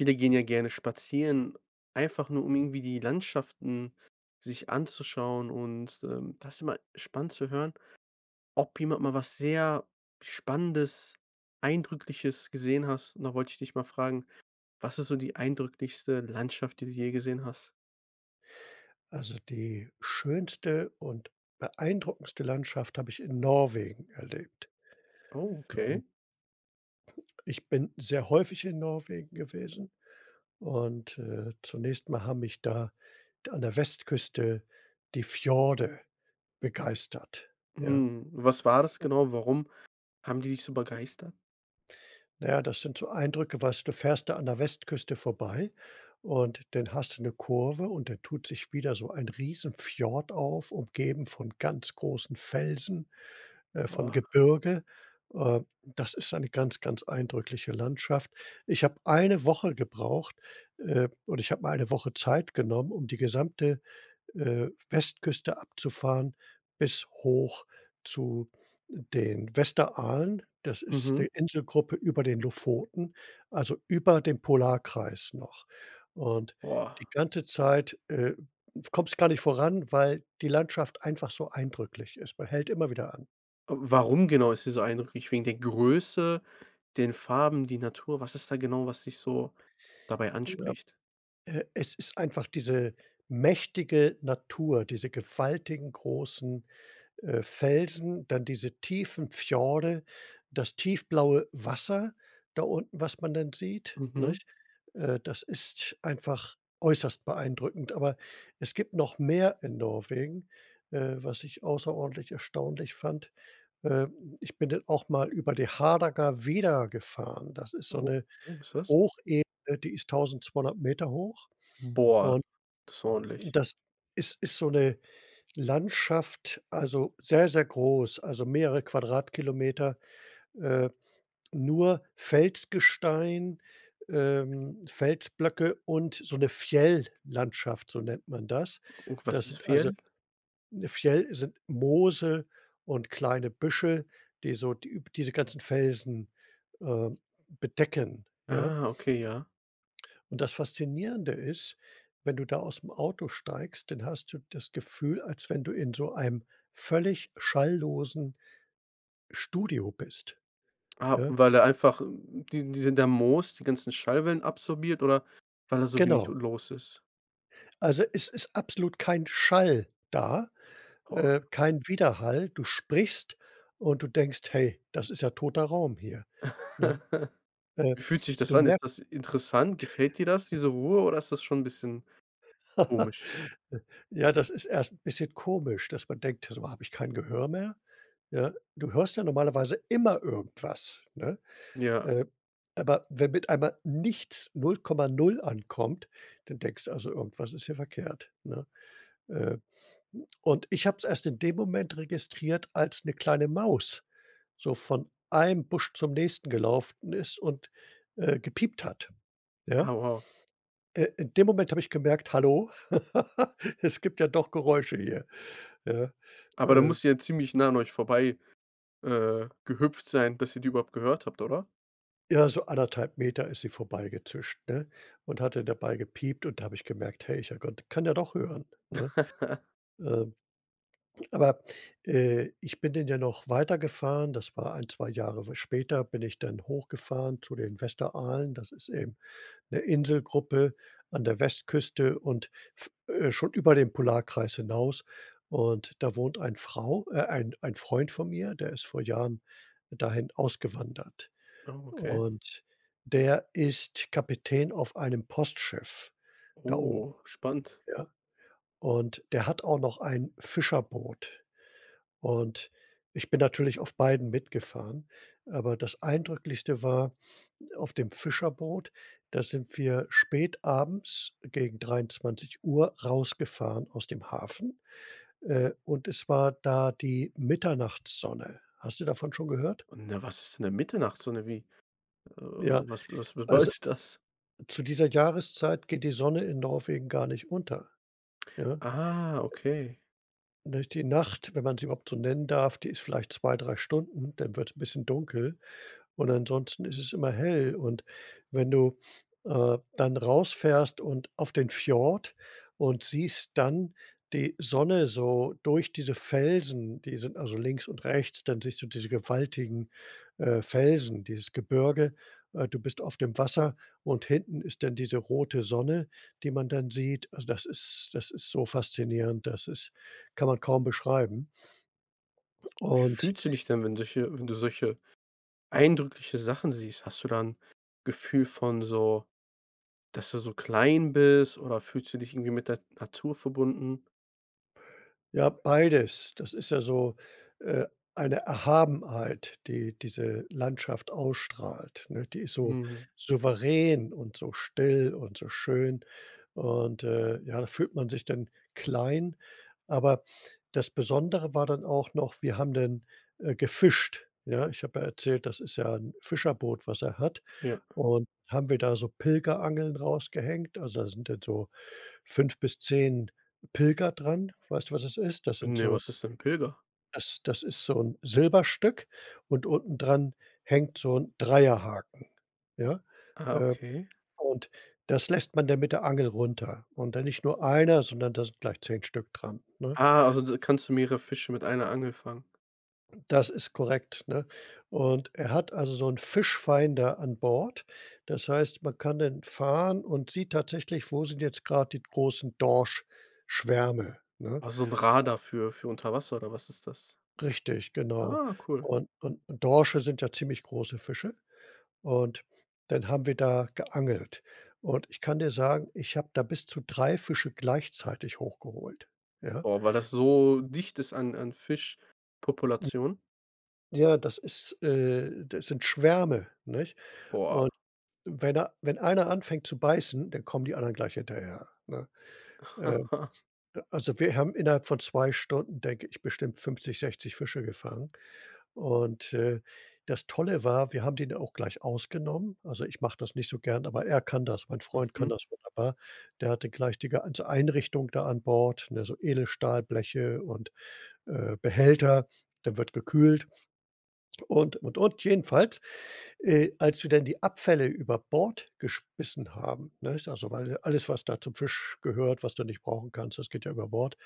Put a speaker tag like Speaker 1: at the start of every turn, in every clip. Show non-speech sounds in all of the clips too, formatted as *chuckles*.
Speaker 1: Viele gehen ja gerne spazieren, einfach nur, um irgendwie die Landschaften sich anzuschauen. Und, ähm, da ist immer spannend zu hören, ob jemand mal was sehr Spannendes, Eindrückliches gesehen hast. Und da wollte ich dich mal fragen: „Was ist so die eindrücklichste Landschaft, die du je gesehen hast?“
Speaker 2: Also, die schönste und beeindruckendste Landschaft habe ich in Norwegen erlebt.
Speaker 1: Oh,
Speaker 2: Ähm
Speaker 1: okay.
Speaker 2: ich bin sehr häufig in Norwegen gewesen und, äh, zunächst mal haben mich da da an der Westküste die Fjorde begeistert, ja?
Speaker 1: Mhm. Was war das genau? Warum haben die dich so begeistert?
Speaker 2: Na ja, das sind so Eindrücke weißt du, du fährst da an der Westküste vorbei und dann hast du 'ne Kurve und da tut sich wieder so ein riesen Fjord auf, umgeben von ganz großen Felsen äh, von
Speaker 1: Boah.
Speaker 2: Gebirge. Äh, das ist eine ganz, ganz eindrückliche Landschaft. Ich habe 1 Woche gebraucht, äh oder ich habe mir 1 Woche Zeit genommen, um die gesamte, äh, Westküste abzufahren bis hoch zu den Vesterålen. Das ist
Speaker 1: Mhm.
Speaker 2: die Inselgruppe über den Lofoten, also, über dem Polarkreis noch. Und
Speaker 1: Boah.
Speaker 2: die ganze Zeit, äh kommst gar nicht voran, weil die Landschaft einfach so eindrücklich ist. Man hält immer wieder an.
Speaker 1: W warum genau ist die so eindrücklich, wegen der Größe, den Farben, die Natur? Was ist da genau, was dich so dabei
Speaker 2: Ja.
Speaker 1: anspricht?
Speaker 2: Äh, es ist einfach diese mächtige Natur, diese gewaltigen großen, äh, Felsen, dann diese tiefen Fjorde, das tiefblaue Wasser da unten, was man dann sieht,
Speaker 1: Mhm.
Speaker 2: nicht? Äh, das ist einfach äußerst beeindruckend. Aber es gibt noch mehr in Norwegen, äh, was ich außerordentlich erstaunlich fand. Äh, ich bin dann auch mal über die Hardangervidda gefahren. Das ist so
Speaker 1: O
Speaker 2: 'ne
Speaker 1: was ist das?
Speaker 2: Hochebene, die ist 1.200 m hoch.
Speaker 1: Boah.
Speaker 2: Und,
Speaker 1: Das ist
Speaker 2: hm,
Speaker 1: ordentlich.
Speaker 2: das ist ist so 'ne Landschaft, also, sehr, sehr groß, also, mehrere Quadratkilometer, äh, nur Felsgestein, ähm, Felsblöcke und so 'ne Fjell-Landschaft, so nennt man das.
Speaker 1: Und was
Speaker 2: Das
Speaker 1: ist
Speaker 2: sind also,
Speaker 1: Fjell?
Speaker 2: 'ne Fjell sind Moose und kleine Büschel, die so die diese ganzen Felsen, äh, bedecken, ja?
Speaker 1: Ah, okay, ja.
Speaker 2: Und das Faszinierende ist, wenn du da aus'm Auto steigst, dann hast du das Gefühl, als wenn du in so einem völlig schalllosen Studio bist,
Speaker 1: Ah,
Speaker 2: ja.
Speaker 1: weil da einfach die diese der Moos, die ganzen Schallwellen absorbiert oder weil da so wenig
Speaker 2: Genau.
Speaker 1: los ist?
Speaker 2: Also, es ist absolut kein Schall da,
Speaker 1: Boah.
Speaker 2: äh, kein Widerhall. Du sprichst und du denkst: „Hey, das ist ja toter Raum hier“, ne?
Speaker 1: *chuckles*
Speaker 2: Äh,
Speaker 1: Wie fühlt sich das
Speaker 2: du
Speaker 1: an?
Speaker 2: mer
Speaker 1: Ist das interessant? Gefällt dir das, diese Ruhe oder ist das schon 'n bisschen
Speaker 2: *laughs*
Speaker 1: komisch?
Speaker 2: j ja, das ist erst 'n bisschen komisch, dass man denkt: „So, habe ich kein Gehör mehr?“ Ja, du hörst ja normalerweise immer irgendwas, ne?
Speaker 1: Ja.
Speaker 2: Äh, aber wenn mit einmal nichts, 0,0 ankommt, dann denkst du: „Also, irgendwas ist hier verkehrt, ne?“ Äh, und ich habe es erst in dem Moment registriert, als 'ne kleine Maus so von einem Busch zum nächsten gelaufen ist und, äh, gepiept hat,
Speaker 1: Ah,
Speaker 2: ja?
Speaker 1: wow.
Speaker 2: Äh, in dem Moment habe ich gemerkt: „Hallo, *laughs* es gibt ja doch Geräusche hier“, ja?
Speaker 1: Aber da
Speaker 2: Äh.
Speaker 1: muss die ja ziemlich nah an euch vorbei, äh, gehüpft sein, bis ihr die überhaupt gehört habt, oder?
Speaker 2: Ja, so 1 1/2 m ist sie vorbeigezischt, ne, und hatte dabei gepiept, und da habe ich gemerkt: „Hey, ja Gott, kann ja doch hören”, ne?
Speaker 1: *chuckles*
Speaker 2: Ähm, aber, äh, ich bin den ja noch weitergefahren das war 1, 2 Jahre später, bin ich dann hochgefahren zu den Westeralen. Das ist eben 'ne Inselgruppe an der Westküste und f äh, schon über dem Polarkreis hinaus, und da wohnt ein Frau äh, ein ein Freund von mir, der ist vor Jahren dahin ausgewandert.
Speaker 1: Oh, okay.
Speaker 2: Und der ist Kapitän auf einem Postschiff da oben,
Speaker 1: Oh, spannend.
Speaker 2: ja, und der hat auch noch ein Fischerboot, und ich bin natürlich auf beiden mitgefahren, aber das Eindrücklichste war, auf dem Fischerboot, da sind wir spätabends gegen 23:00 rausgefahren aus dem Hafen, äh, und es war da die Mitternachtssonne. Hast du davon schon gehört?
Speaker 1: Und, ne, was ist denn 'ne Mitternachtssonne, wie äh,
Speaker 2: Ja,
Speaker 1: was was
Speaker 2: also,
Speaker 1: bedeutet das?
Speaker 2: zu dieser Jahreszeit geht die Sonne in Norwegen gar nicht unter, ja?
Speaker 1: Ah, okay.
Speaker 2: Durch die Nacht, wenn man sie überhaupt so nennen darf, die ist vielleicht 2, 3 Stunden, dann wird's 'n bisschen dunkel, und ansonsten ist es immer hell. Und wenn du, äh, dann rausfährst und auf den Fjord und siehst dann die Sonne so durch diese Felsen die sind also links und rechts, dann siehst du diese gewaltigen, äh, Felsen, dieses Gebirge, äh, du bist auf dem Wasser und hinten ist dann diese rote Sonne, die man dann sieht, also, das ist das ist so faszinierend, dass ist kann man kaum beschreiben.
Speaker 1: Wie
Speaker 2: Und
Speaker 1: fühlst du dich denn, wenn solche wenn du solche eindrückliche Sachen siehst? Hast du da 'n Gefühl von so, dass du so klein bist, oder fühlst du dich irgendwie mit der Natur verbunden?
Speaker 2: Ja, beides. Das ist ja so, äh, eine Erhabenheit, die diese Landschaft ausstrahlt, ne? Die ist so
Speaker 1: Mhm.
Speaker 2: souverän und so still und so schön und, äh, ja, da fühlt man sich dann klein, aber das Besondere war dann auch noch, wir haben denn, äh, gefischt, ja? Ich habe ja erzählt, das ist ja 'n Fischerboot, was er hat,
Speaker 1: Ja.
Speaker 2: und haben wir da so Pilgerangeln rausgehängt, also, da sind jetzt so 5 bis 10 Pilger dran. Weißt du, was es ist? Das sind
Speaker 1: Ne,
Speaker 2: so
Speaker 1: was ist denn 'n Pilger?
Speaker 2: das das ist so 'n Silberstück und unten dran hängt so 'n Dreierhaken, ja,
Speaker 1: Ah,
Speaker 2: äh,
Speaker 1: okay.
Speaker 2: und das lässt man dann mit der Angel runter und dann nicht nur einer, sondern da sind gleich 10 Stück dran, ne?
Speaker 1: Ah, also, da kannst du mehrere Fische mit einer Angel fangen.
Speaker 2: Das ist korrekt, ne, und er hat also so 'n Fischfinder an Bord. Das heißt, man kann dann fahren und sieht tatsächlich, wo sind jetzt grad die großen Dorschschwärme, ne?
Speaker 1: Ah, so 'n
Speaker 2: *unintelligible*
Speaker 1: Radar für für unter Wasser oder was ist das?
Speaker 2: Richtig, genau,
Speaker 1: Ah, cool.
Speaker 2: und und Dorsche sind ja ziemlich große Fische und dann haben wir da geangelt und ich kann dir sagen, ich habe da bis zu 3 Fische gleichzeitig hochgeholt, ja?
Speaker 1: Boah, weil das so dicht ist an an
Speaker 2: *unintelligible*
Speaker 1: Fischpopulation?
Speaker 2: Ja, das ist äh, das sind Schwärme, nicht?
Speaker 1: Boah.
Speaker 2: Und wenn er wenn einer anfängt zu beißen, dann kommen die anderen gleich hinterher, ne? Äh,
Speaker 1: *chuckles*
Speaker 2: also, wir haben innerhalb von 2 Stunden, denke ich, bestimmt 50, 60 Fische gefangen, und äh, das Tolle war, wir haben den da auch gleich ausgenommen. Also, ich mache das nicht so gern, aber er kann das mein Freund kann
Speaker 1: Mhm.
Speaker 2: das wunderbar, der hatte gleich d die ganze Einrichtung da an Bord, ne, so Edelstahlbleche und, äh, Behälter, da wird gekühlt und, und, und. Jedenfalls, äh, als wir dann die Abfälle über Bord geschmissen haben, ne also, weil alles, was da zum Fisch gehört, was du nicht brauchen kannst, das geht ja über Bord,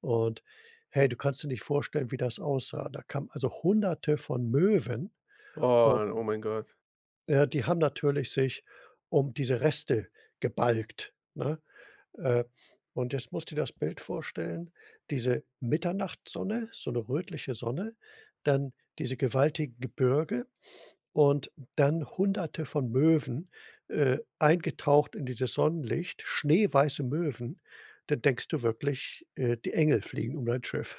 Speaker 2: und hey, du kannst dir nicht vorstellen, wie das aussah. Da kamen, also, Hunderte von Möwen u
Speaker 1: Wow. Oh, mein Gott.
Speaker 2: ja, die haben natürlich sich um diese Reste gebalgt, ne? Äh, und jetzt musst du dir das Bild vorstellen, diese Mitternachtssonne, so 'ne rötliche Sonne, dann diese gewaltigen Gebirge und dann Hunderte von Möwen, äh, eingetaucht in dieses Sonnenlicht schneeweiße Möwen. Dann denkst du wirklich, äh, die Engel fliegen um dein Schiff.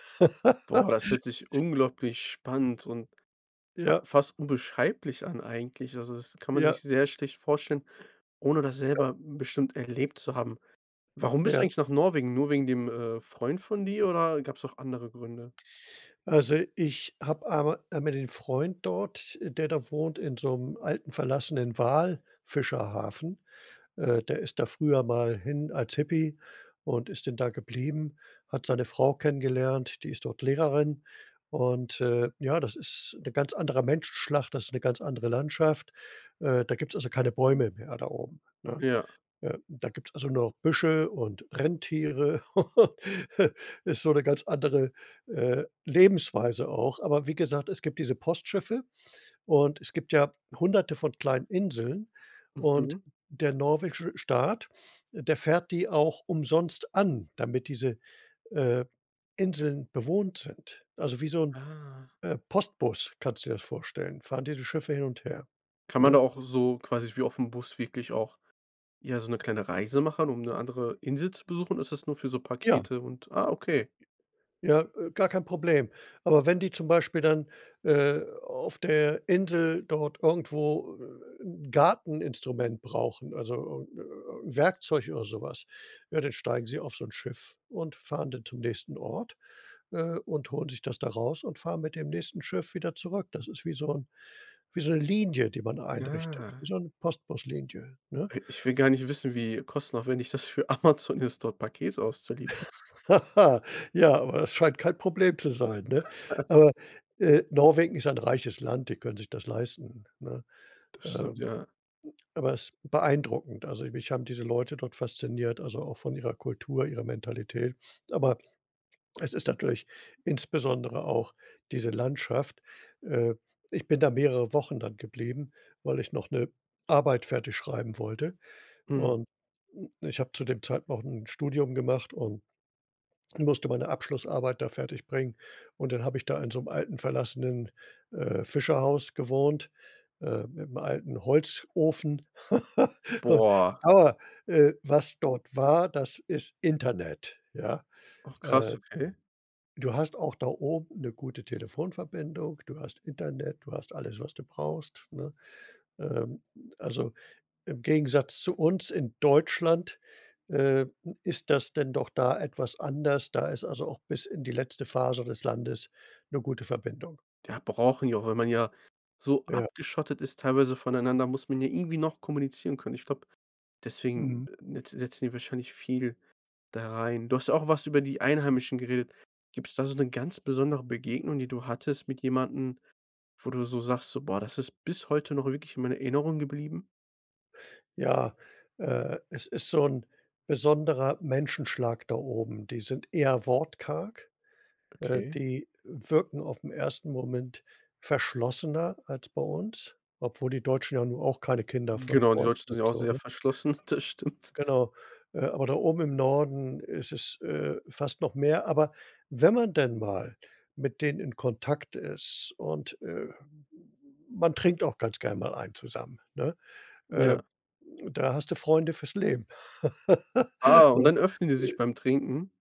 Speaker 1: Boah, das hört
Speaker 2: *chuckles*
Speaker 1: sich unglaublich spannend und, ja,
Speaker 2: Ja.
Speaker 1: fast unbeschreiblich an eigentlich, also, das kann man
Speaker 2: Ja.
Speaker 1: sich sehr schlecht vorstellen, ohne das
Speaker 2: Ja.
Speaker 1: selber bestimmt erlebt zu haben. Warum bist du
Speaker 2: Ja.
Speaker 1: eigentlich nach Norwegen? Nur wegen dem, äh, Freund von dir oder gab's auch andere Gründe?
Speaker 2: Also, ich habe einma einmal den Freund dort, äh, der da wohnt in so 'nem alten, verlassenen Walfischerhafen. Äh, der ist da früher mal hin als Hippie und ist denn da geblieben, hat seine Frau kennengelernt, die ist dort Lehrerin und, äh, ja, das ist 'n ganz anderer Menschenschlag, das ist 'ne ganz andere Landschaft, äh, da gibt's also keine Bäume mehr da oben, ne,
Speaker 1: Ja.
Speaker 2: ja, da gibt's also nur noch Büsche und Rentiere *chuckles* ist so 'ne ganz andere, äh, Lebensweise auch. Aber wie gesagt, es gibt diese Postschiffe und es gibt ja Hunderte von kleinen Inseln, und
Speaker 1: Mhm.
Speaker 2: der norwegische Staat, der fährt die auch umsonst an, damit diese, äh, Inseln bewohnt sind, also, wie so 'n,
Speaker 1: Ah.
Speaker 2: äh, Postbus kannst du dir das vorstellen, fahren diese Schiffe hin und her,
Speaker 1: Kann man da
Speaker 2: ne?
Speaker 1: auch so quasi wie auf 'm Bus wirklich auch ja, so 'ne kleine Reise machen, um 'ne andere Insel zu besuchen, oder ist das nur für so
Speaker 2: Ja.
Speaker 1: Pakete und ah, okay.
Speaker 2: Ja, äh, gar kein Problem, aber wenn die zum Beispiel dann, äh, auf der Insel dort irgendwo, äh, 'n Garteninstrument brauchen, also, äh, 'n Werkzeug oder so was, ja, dann steigen sie auf so 'n Schiff und fahren dann zum nächsten Ort, äh, und holen sich das da raus und fahren mit dem nächsten Schiff wieder zurück. Das ist wie so 'n, wie so 'ne Linie, die man einrichtet wie
Speaker 1: Ja.
Speaker 2: so 'ne Postbus-Linie, ne?
Speaker 1: I ich will gar nicht wissen, wie kostenaufwendig das für Amazon ist, dort Pakete auszuliefern.
Speaker 2: *chuckles* Ja, aber es scheint kein Problem zu sein, ne,
Speaker 1: *chuckles*
Speaker 2: aber, äh, Norwegen ist ein reiches Land, die können sich das leisten, ne?
Speaker 1: Das stimmt,
Speaker 2: Ähm,
Speaker 1: ja.
Speaker 2: aber es ist beeindruckend, also, mich haben diese Leute dort fasziniert, also, auch von ihrer Kultur, ihrer Mentalität, aber es ist natürlich insbesondere auch diese Landschaft. Äh, ich bin da mehrere Wochen dann geblieben, weil ich noch 'ne Arbeit fertig schreiben wollte,
Speaker 1: Mhm.
Speaker 2: und, äh, ich habe zu dem Zeit noch 'n Studium gemacht und musste meine Abschlussarbeit da fertigbringen. Und dann habe ich da in so 'm alten, verlassenen, äh, Fischerhaus gewohnt, äh, mit 'nem alten Holzofen, *chuckles*
Speaker 1: Boah.
Speaker 2: aber, äh, was dort war, das ist Internet, ja?
Speaker 1: Ach krass,
Speaker 2: Äh,
Speaker 1: okay.
Speaker 2: du hast auch da oben 'ne gute Telefonverbindung, du hast Internet, du hast alles, was du brauchst, ne ähm, also, im Gegensatz zu uns in Deutschland, äh, ist das denn doch da etwas anders. Da ist also auch bis in die letzte Faser des Landes 'ne gute Verbindung.
Speaker 1: Ja, brauchen die auch, wenn man ja so
Speaker 2: Ja.
Speaker 1: abgeschottet ist teilweise voneinander, muss man ja irgendwie noch kommunizieren können. Ich glaube, deswegen
Speaker 2: Mhm.
Speaker 1: netz setzen die wahrscheinlich viel da rein. Du hast auch was über die Einheimischen geredet gibt's da so 'ne ganz besondere Begegnung, die du hattest mit jemandem, wo du so sagst: „So, boah, das ist bis heute noch wirklich in meiner Erinnerung geblieben?“
Speaker 2: Ja, äh, es ist so 'n besonderer Menschenschlag da oben. Die sind eher wortkarg, äh,
Speaker 1: Okay.
Speaker 2: die wirken auf'm ersten Moment verschlossener als bei uns, obwohl die Deutschen ja nun auch keine Kinder von
Speaker 1: Genau, und die
Speaker 2: *unintelligible*
Speaker 1: Deutschen
Speaker 2: sind
Speaker 1: sind ja auch
Speaker 2: so,
Speaker 1: sehr
Speaker 2: ne?
Speaker 1: verschlossen. Das stimmt.
Speaker 2: Genau, äh, aber da oben im Norden ist es, äh, fast noch mehr, aber wenn man denn mal mit denen in Kontakt ist und, äh, m m m man trinkt auch ganz gern mal einen zusammen, ne, äh,
Speaker 1: Ja.
Speaker 2: da hast du Freunde fürs Leben,
Speaker 1: Ah,
Speaker 2: *chuckles*
Speaker 1: und
Speaker 2: ne,
Speaker 1: dann öffnen die sich
Speaker 2: äh
Speaker 1: beim Trinken?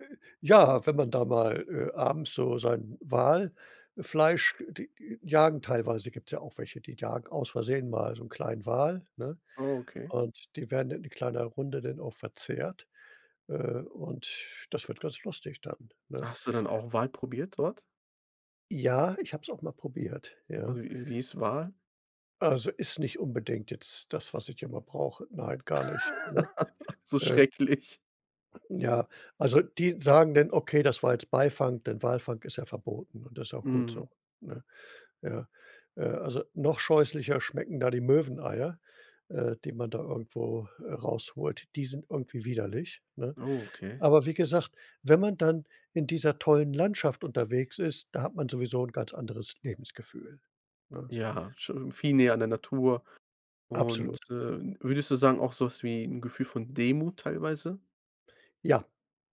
Speaker 2: äh, ja, wenn man da mal, äh, abends so sein Walfleisch d die jagen teilweise gibt's ja auch welche, die jagen aus Versehen mal so 'n kleinen Wal, ne,
Speaker 1: Oh, okay.
Speaker 2: und die werden in kleiner Runde dann auch verzehrt, äh, und das wird ganz lustig dann, ne?
Speaker 1: Hast du dann auch Wal probiert dort?
Speaker 2: Ja, ich habe es auch mal probiert,
Speaker 1: *unintelligible*
Speaker 2: ja,
Speaker 1: Wie wie ist Wal?
Speaker 2: also, ist nicht unbedingt jetzt das, was ich immer brauche. Nein, gar nicht, ne,
Speaker 1: *laughs* So
Speaker 2: äh
Speaker 1: schrecklich.
Speaker 2: Ja, also, die sagen dann: „Okay, das war jetzt Beifang”, denn Walfang ist ja verboten und das auch gut so,
Speaker 1: Mhm.
Speaker 2: ne? Ja, äh, also, noch scheußlicher schmecken da die Möweneier, äh, die man da irgendwo, äh, rausholt. Die sind irgendwie widerlich, ne,
Speaker 1: Oh, okay.
Speaker 2: aber wie gesagt, wenn man dann in dieser tollen Landschaft unterwegs ist, da hat man sowieso 'n ganz anderes Lebensgefühl, ne?
Speaker 1: Ja, schon viel näher an der Natur, und,
Speaker 2: Absolut.
Speaker 1: äh, würdest du sagen, auch so was wie 'n Gefühl von Demut teilweise?
Speaker 2: Ja,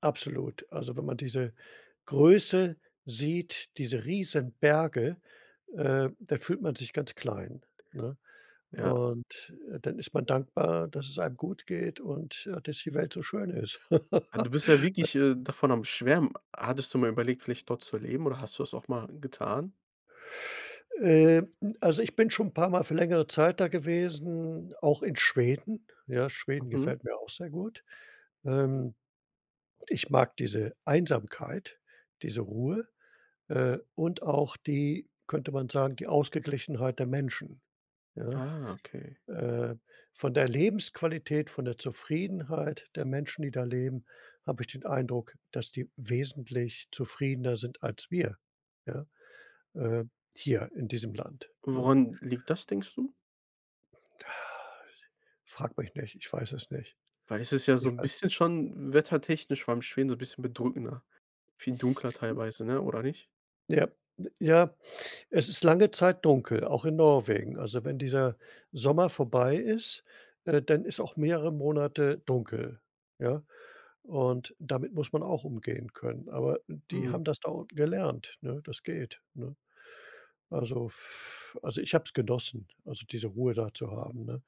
Speaker 2: absolut, also, wenn man diese Größe sieht, diese Riesenberge, äh, da fühlt man sich ganz klein, ne,
Speaker 1: Ja.
Speaker 2: und, äh, dann ist man dankbar, dass es einem gut geht und dass die Welt so schön ist.
Speaker 1: Ah, du bist ja
Speaker 2: *chuckles*
Speaker 1: wirklich, äh, davon am Schwärmen. Hattest du mal überlegt, vielleicht dort zu leben, oder hast du das auch mal getan?
Speaker 2: Äh, also, ich bin schon 'n paar Mal für längere Zeit da gewesen, auch in Schweden ja, Schweden
Speaker 1: Mhm.
Speaker 2: gefällt mir auch sehr gut, ähm, ich mag diese Einsamkeit, diese Ruhe, äh, und auch die könnte man sagen, die Ausgeglichenheit der Menschen, ja?
Speaker 1: Ah, okay.
Speaker 2: Äh, von der Lebensqualität, von der Zufriedenheit der Menschen, die da leben, habe ich den Eindruck, dass die wesentlich zufriedener sind als wir, ja, äh, hier in diesem Land, ne?
Speaker 1: Woran liegt das, denkst du?
Speaker 2: *sighs* Frage mich nicht, ich weiß es nicht.
Speaker 1: Weil es ist ja so
Speaker 2: Ich
Speaker 1: 'n
Speaker 2: weiß
Speaker 1: bisschen schon wettertechnisch vor allem Schweden so 'n bisschen bedrückender, viel dunkler teilweise, ne, oder nicht?
Speaker 2: Ja, ja, es ist lange Zeit dunkel, auch in Norwegen, also, wenn dieser Sommer vorbei ist, äh, dann ist auch mehrere Monate dunkel, ja, und damit muss man auch umgehen können, aber die
Speaker 1: Mhm.
Speaker 2: haben das da unten gelernt, ne das geht, ne? Also, f also, ich hab's genossen, also, diese Ruhe da zu haben, ne?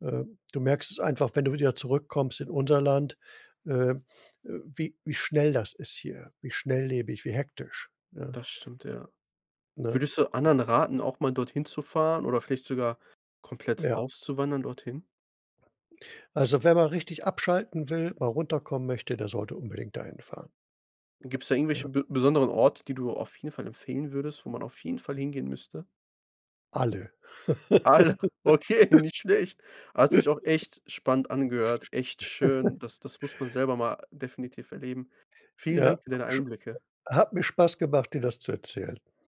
Speaker 2: Äh, du merkst es einfach, wenn du wieder zurückkommst in unser Land, ähm, äh, wie wie schnell das ist hier wie schnelllebig, wie hektisch, ne?
Speaker 1: Das stimmt, ja.
Speaker 2: Ne?
Speaker 1: Würdest du anderen raten, auch mal dorthin zu fahren oder vielleicht sogar komplett
Speaker 2: Ja.
Speaker 1: auszuwandern dorthin?
Speaker 2: Also, wer mal richtig abschalten will, mal runterkommen möchte, der sollte unbedingt da hinfahren.
Speaker 1: Gibt's da
Speaker 2: Ja.
Speaker 1: irgendwelche be besonderen Orte, die du auf jeden Fall empfehlen würdest, wo man auf jeden Fall hingehen müsste?
Speaker 2: Alle.
Speaker 1: Alle. Okay,
Speaker 2: *laughs*
Speaker 1: nicht schlecht. Hat sich auch echt spannend
Speaker 2: *chuckles*
Speaker 1: angehört echt schön.
Speaker 2: *chuckles*
Speaker 1: Das das muss man selber mal definitiv erleben. Vielen
Speaker 2: Ja,
Speaker 1: Dank für deine
Speaker 2: schö
Speaker 1: Einblicke.
Speaker 2: hat mir Spaß gemacht, dir das zu erzählen.